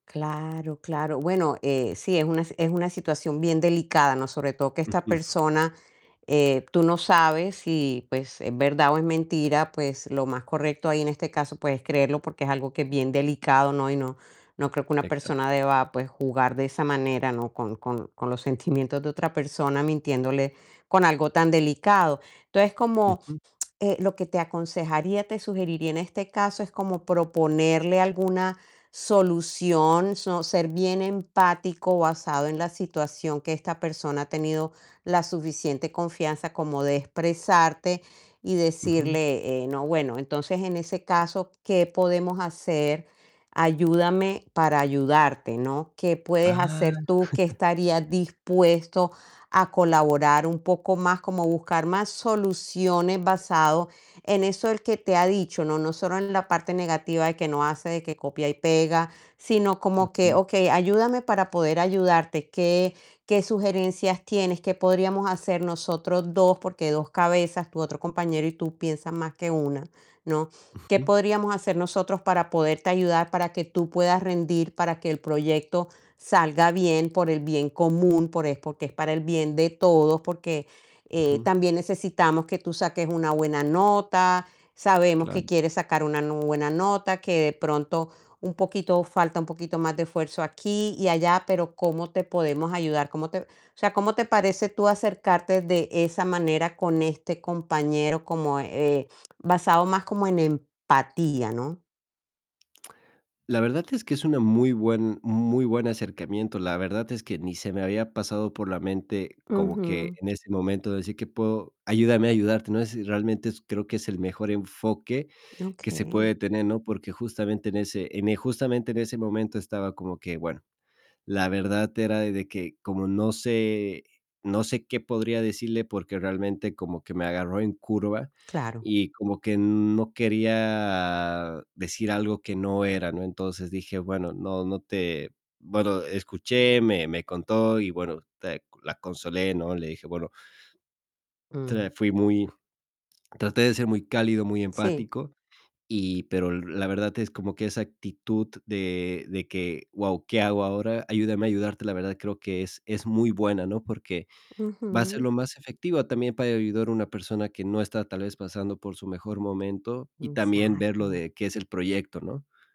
Claro, claro. Bueno, sí, es una es una situación bien delicada, ¿no? Sobre todo que esta [unintelligible] persona, eh, tú no sabes si, pues, es verdad o es mentira, pues lo más correcto ahí, en este caso pues es creerlo, porque es algo que es bien delicado, ¿no? Y no no creo que una Exacto. persona deba, pues, jugar de esa manera, ¿no? Con con con los sentimientos de otra persona, mintiéndole con algo tan delicado. Entonces, como Ujú. eh, lo que te aconsejaría, te sugeriría en este caso, es como proponerle alguna solución, so ser bien empático, basado en la situación que esta persona ha tenido la suficiente confianza como de expresarte y Ujú. decirle: "Eh, no, bueno, entonces en ese caso, ¿qué podemos hacer? Ayúdame para ayudarte, ¿no? ¿Qué Ah. puedes hacer tú? Que, estarías dispuesto a colaborar un poco más", como buscar más soluciones, basado en eso, ¿él que te ha dicho?, ¿no?, no solo en la parte negativa de que no hace de que copia y pega, sino como que: Ujú. "Okey, ayúdame para poder ayudarte. ¿Qué qué sugerencias tienes? ¿Qué podríamos hacer nosotros 2? Porque 2 cabezas" tu otro compañero y tú piensan más que 1, ¿no? "¿Qué Ujú. podríamos hacer nosotros para poderte ayudar, para que tú puedas rendir, para que el proyecto salga bien por el bien común, por es porque es para el bien de todos, porque, eh, Ujú. también necesitamos que tú saques una buena nota, sabemos que Claro. quieres sacar una nu buena nota, que de pronto un poquito falta un poquito más de esfuerzo aquí y allá, pero ¿cómo te podemos ayudar? ¿Cómo te?". O sea, ¿cómo te parece, tú acercarte de esa manera con este compañero?, como, eh, basado más como en empatía, ¿no? La verdad es que es una muy buen muy buen acercamiento. La verdad es que ni se me había pasado por la mente, como que, Ujú. en ese momento, de decir que puedo ayúdame a ayudarte, no, si realmente s creo que es el mejor enfoque que se Okey. puede tener, ¿no? Porque justamente en ese en e justamente en ese momento estaba como que, bueno, la verdad era de que, como no sé no sé qué podría decirle, porque realmente como que me agarró en curva, Claro. y como que no quería decir algo que no era, ¿no? Entonces dije: "Bueno, no no te". Bueno, escuché, me me contó, y bueno, te la consolé, ¿no? Le dije: "Bueno" Mm. Tra fui muy traté de ser muy cálido, muy Sí. empático, y pero l la verdad es como que esa actitud de de que: "Guau, ¿qué hago ahora? Ayúdame a ayudarte", la verdad creo que es es muy buena, ¿no? Porque va a ser Ujú. lo más efectiva, también para ayudar a una persona que no está, tal vez, pasando por su mejor momento, y Mm, también ver lo exacto. de qué es el proyecto, ¿no?